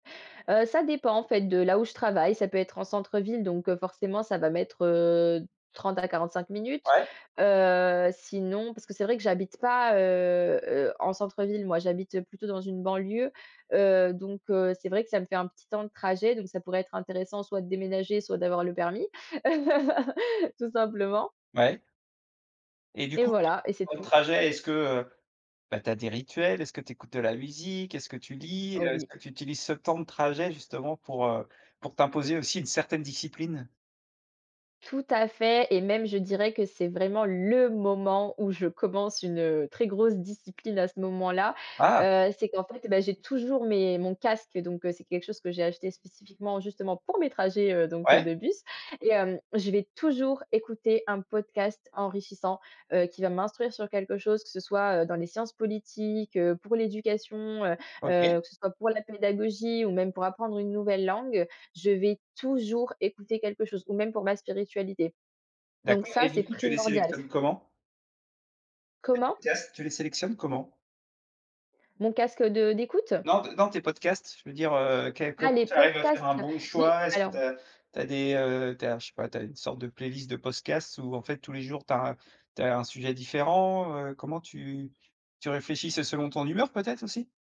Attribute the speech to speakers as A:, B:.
A: Heu, ça dépend en fait de là où je travaille. Ça peut être en centre-ville, donc, heu, forcément ça va mettre, heu, 30 à 45 minutes.
B: Ouais.
A: Heu, sinon, parce que c'est vrai que j'habite pas, heu heu, en centre-ville, moi j'habite, heu, plutôt dans une banlieue. Heu, donc, heu, c'est vrai que ça me fait un petit temps de trajet, donc ça pourrait être intéressant soit de déménager, soit d'avoir le permis. Tout simplement.
B: Ouais. Et du
A: Et
B: coup, [unintelligible]
A: voilà et c'est
B: temps de
A: tout.
B: trajet, est-ce que, heu, bah, tu as des rituels? Est-ce que tu écoutes de la musique? Est-ce que tu lis?
A: Oh,
B: Heu, est-ce
A: oui!
B: que tu utilises ce temps de trajet justement pour, heu, pour t'imposer aussi une certaine discipline?
A: Tout à fait. Et même je dirais que c'est vraiment le moment où je commence une, heu, très grosse discipline, à ce moment-là.
B: Ah!
A: Heu, c'est qu'en fait, bah j'ai toujours mes mon casque, donc c'est quelque chose que j'ai acheté spécifiquement, justement pour mes trajets, heu, donc, heu,
B: Ouais.
A: de bus. Et hem, je vais toujours écouter un podcast enrichissant, heu, qui va m'instruire sur quelque chose que ce soit, heu, dans les sciences politiques, heu, pour l'éducation, heu,
B: OK.
A: heu, que ce soit pour la pédagogie ou même pour apprendre une nouvelle langue. Je vais toujours écouter quelque chose ou même pour ma spiritualité. Donc
B: D'accord,
A: ça,
B: et
A: c'est
B: du coup, tu les
A: primordial.
B: sélectionnes comment? Tes
A: Comment?
B: podcasts, tu les sélectionnes comment?
A: Mon casque de d'écoute?
B: Non, non, tes podcasts, je veux dire, heu, quel
A: Ah,
B: comment
A: les
B: tu arrives à faire un
A: podcasts!
B: bon
A: oui,
B: choix? Est-ce que
A: alors
B: tu as tu as des, heu, tu as je sais pas, tu as une sorte de playlist de podcasts ou en fait tous les jours, tu as un tu as un sujet différent? Heu, comment tu tu réfléchis? C'est selon ton humeur, peut-être aussi?